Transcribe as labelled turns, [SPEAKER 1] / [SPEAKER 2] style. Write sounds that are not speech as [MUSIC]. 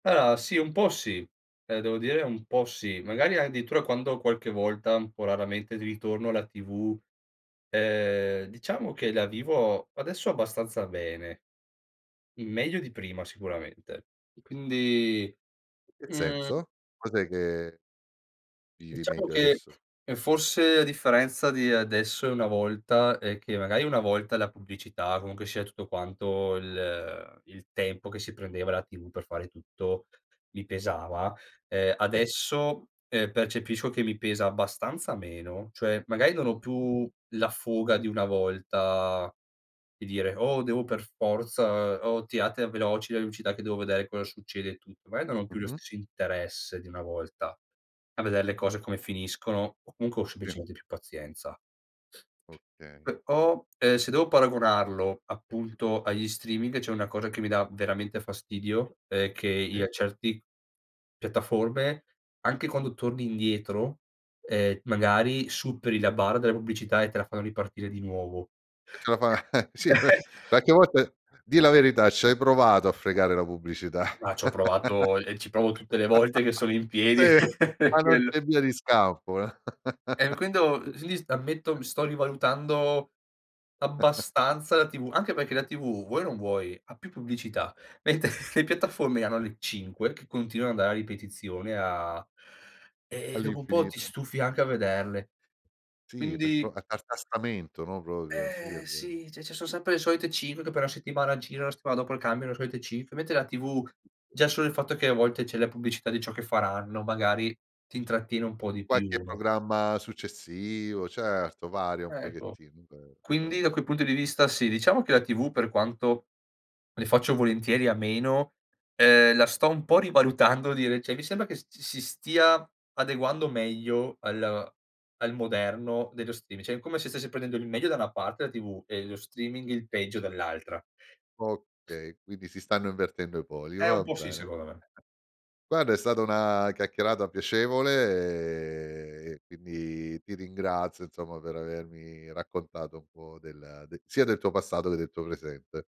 [SPEAKER 1] Allora sì, po' sì. Devo dire un po' sì. Magari addirittura quando qualche volta un po' raramente di ritorno alla TV, ehm, diciamo che la vivo adesso abbastanza bene. Meglio di prima sicuramente. Quindi,
[SPEAKER 2] In che
[SPEAKER 1] mhmm
[SPEAKER 2] senso? Cos'è che vivi
[SPEAKER 1] Diciamo
[SPEAKER 2] meglio
[SPEAKER 1] che
[SPEAKER 2] adesso?
[SPEAKER 1] forse a differenza di adesso e una volta è che magari una volta la pubblicità, comunque sia tutto quanto il il tempo che si prendeva la TV per fare tutto mi pesava, ehm,
[SPEAKER 2] Sì.
[SPEAKER 1] adesso, ehm, percepisco che mi pesa abbastanza meno. Cioè magari non ho più la fuga di una volta di dire: "Oh, devo per forza, oh, tirate veloci le pubblicità che devo vedere cosa succede e tutto". Magari non ho più lo
[SPEAKER 2] Mh-mh.
[SPEAKER 1] stesso interesse di una volta a vedere le cose come finiscono o comunque ho
[SPEAKER 2] Sì.
[SPEAKER 1] semplicemente più pazienza.
[SPEAKER 2] Okay.
[SPEAKER 1] Però, ehm, se devo paragonarlo appunto agli streaming, c'è una cosa che mi dà veramente fastidio è che
[SPEAKER 2] Sì.
[SPEAKER 1] io a certi piattaforme anche quando torni indietro, ehm, magari superi la barra della pubblicità e te la fanno ripartire di nuovo.
[SPEAKER 2] Eh ce la fa? [LAUGHS] Sì beh
[SPEAKER 1] [LAUGHS]
[SPEAKER 2] qualche volta dì la verità, ci hai provato a fregare la pubblicità.
[SPEAKER 1] Ma ci ho provato e ci provo tutte le volte che sono in
[SPEAKER 2] [LAUGHS]
[SPEAKER 1] piedi
[SPEAKER 2] Sì,
[SPEAKER 1] [LAUGHS]
[SPEAKER 2] ma non
[SPEAKER 1] quello.
[SPEAKER 2] c'è via di scampo.
[SPEAKER 1] Eh, quindi, quindi ammetto
[SPEAKER 2] [LAUGHS] [UNINTELLIGIBLE]
[SPEAKER 1] mi sto rivalutando
[SPEAKER 2] [GIGGLES]
[SPEAKER 1] abbastanza la TV, anche perché la TV vuoi o non vuoi, ha più pubblicità. Mentre le piattaforme hanno
[SPEAKER 2] A
[SPEAKER 1] le 5 che continuano ad andare a ripetizione a eh, e dopo un po' ti
[SPEAKER 2] All'infinito.
[SPEAKER 1] stufi
[SPEAKER 2] [CHUCKLES]
[SPEAKER 1] anche a vederle.
[SPEAKER 2] Sì, per po
[SPEAKER 1] Quindi
[SPEAKER 2] a a tartassamento no, proprio? Sì è
[SPEAKER 1] Eh,
[SPEAKER 2] vero.
[SPEAKER 1] sì, cioè ci sono sempre le solite 5 che però la settimana gira, la settimana dopo cambiano le solite 5, mentre la TV già solo il fatto che a volte c'è la pubblicità di ciò che faranno, magari ti intrattiene un po' di
[SPEAKER 2] Qualche
[SPEAKER 1] più, no?
[SPEAKER 2] programma successivo, certo, varia un
[SPEAKER 1] Ecco.
[SPEAKER 2] pochettino. Vero, è
[SPEAKER 1] Quindi
[SPEAKER 2] vero.
[SPEAKER 1] da quel punto di vista sì, diciamo che la TV per quanto ne faccio volentieri a meno, ehm, la sto un po' rivalutando di rece mi sembra che si stia adeguando meglio al al moderno dello streami cioè come se stesse prendendo il meglio da una parte della TV e lo streaming il peggio dall'altra.
[SPEAKER 2] Okay, quindi si stanno invertendo i poli,
[SPEAKER 1] Eh, un
[SPEAKER 2] va
[SPEAKER 1] po' sì
[SPEAKER 2] bene.
[SPEAKER 1] secondo me.
[SPEAKER 2] [CHUCKLES] Guarda, è stata una chiacchierata piacevole e quindi ti ringrazio, insomma, per avermi raccontato un po' della d sia del tuo passato che del tuo presente.